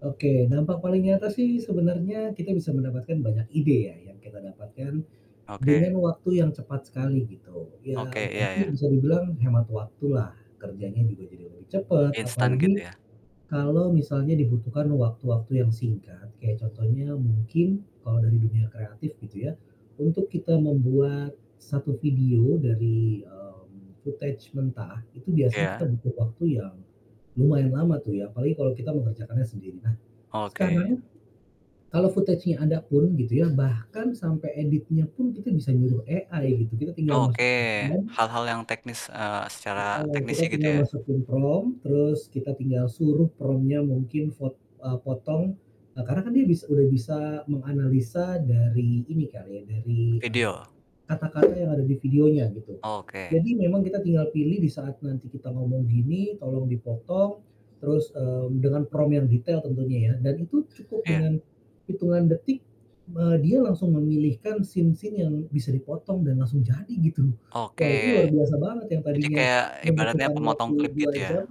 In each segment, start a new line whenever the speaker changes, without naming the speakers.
Oke dampak paling nyata sih sebenarnya kita bisa mendapatkan banyak ide ya yang kita dapatkan,
Oke.
dengan waktu yang cepat sekali gitu
Oke
ya
iya iya.
berarti bisa dibilang hemat waktu lah, kerjanya juga jadi lebih cepet
Instan
apalagi,
gitu ya?
kalau misalnya dibutuhkan waktu-waktu yang singkat kayak contohnya mungkin kalau dari dunia kreatif gitu ya, untuk kita membuat, 1 video dari, mmm, footage mentah itu biasanya kita
Iya.
butuh waktu yang, lumayan lama tuh ya apalagi kalau kita mengerjakannya sendiri. Nah,
Oke.
sekarang, kalau footage-nya ada pun gitu ya, bahkan sampai editnya pun kita bisa nyuruh AI gitu kita tinggal
Oke,
masukin prompt
hal-hal yang teknis, eee, secara
Heeh,
teknisnya
kita
gitu
tinggal
ya?
masukin prompt terus kita tinggal suruh prompt-nya mungkin fot eee, potong. Eee, karena kan dia bis udah bisa menganalisa dari ini kali ya dari, eee,
Video?
kata-kata yang ada di videonya gitu.
Oke.
Jadi memang kita tinggal pilih di saat nanti kita ngomong gini tolong dipotong, terus, mmm, dengan prompt yang detail tentunya ya dan itu cukup
Iya.
dengan, hitungan detik, eee, dia langsung memilihkan scene scene yang bisa dipotong dan langsung jadi gitu.
Oke,
Wah, itu luar biasa banget yang
jadi
tadinya,
kayak ibaratnya
membutuhkan
pemotong
waktu
klip gitu
2 jam
ya?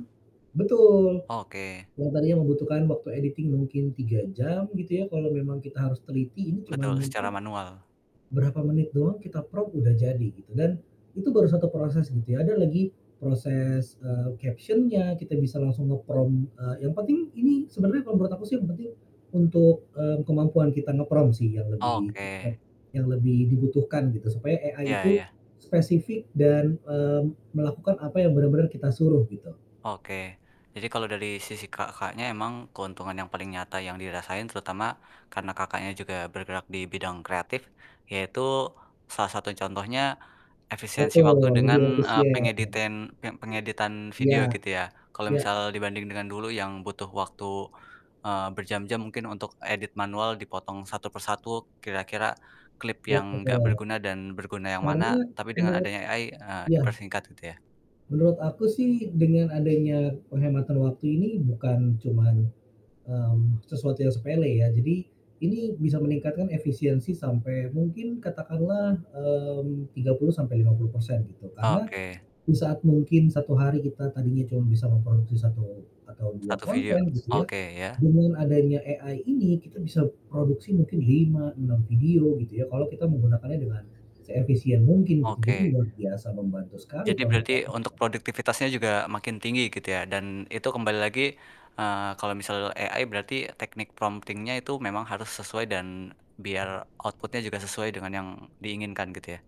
betul.
Oke.
Yang tadinya membutuhkan waktu editing mungkin 3 jam gitu ya. Kalau memang kita harus teliti ini cuman
Betul, secara
mungkin,
manual.
berapa menit doang kita prompt udah jadi gitu dan, itu baru 1 proses gitu ya ada lagi proses, eee, caption-nya kita bisa langsung nge-prompt, eee, yang penting sebenarnya kalau menurut aku sih yang penting, untuk, mmm, kemampuan kita nge-prompt sih yang lebih
Oke.
apa, yang lebih dibutuhkan gitu supaya AI
Iya
itu,
iya.
spesifik dan, mmm, melakukan apa yang benar-benar kita suruh gitu.
Oke, jadi kalau dari sisi Kakaknya emang keuntungan yang paling nyata yang dirasain terutama, karena Kakaknya juga bergerak dibidang kreatif, yaitu, salah satu contohnya, efisiensi waktu
Betul,
dengan,
lebih
eee,
efisien.
pengeditin pe pengeditan video
Iya,
gitu ya, kalau
ya.
misal dibanding dengan dulu yang butuh waktu, eee, berjam-jam mungkin untuk edit manual dipotong satu persatu kira-kira, klip
Iya
yang enggak
betul,
berguna dan berguna yang
karena
mana tapi dengan
menurut
adanya AI, eee,
iya.
dipersingkat gitu ya.
Menurut aku sih dengan adanya penghematan waktu ini bukan cuman, mmm, sesuatu yang sepele ya, jadi ini bisa meningkatkan efisiensi sampai mungkin katakanlah, mmm, 30-50% gitu karena,
Oke.
di saat mungkin 1 hari kita tadinya cuma bisa memproduksi 1 atau 2
1 video?
konten gitu ya,
Oke ya.
dengan adanya AI ini kita bisa produksi mungkin 5, 6 video gitu ya, kalau kita menggunakannya dengan seefisien mungkin gitu jadi
Oke.
luar biasa membantu sekali
Jadi
kalau menurut
berarti
aku
untuk
ya.
produktivitasnya juga makin tinggi gitu ya, dan itu kembali lagi, eee, kalau misal AI berarti teknik prompting-nya itu memang harus sesuai dan biar output-nya juga sesuai dengan yang diinginkan gitu ya?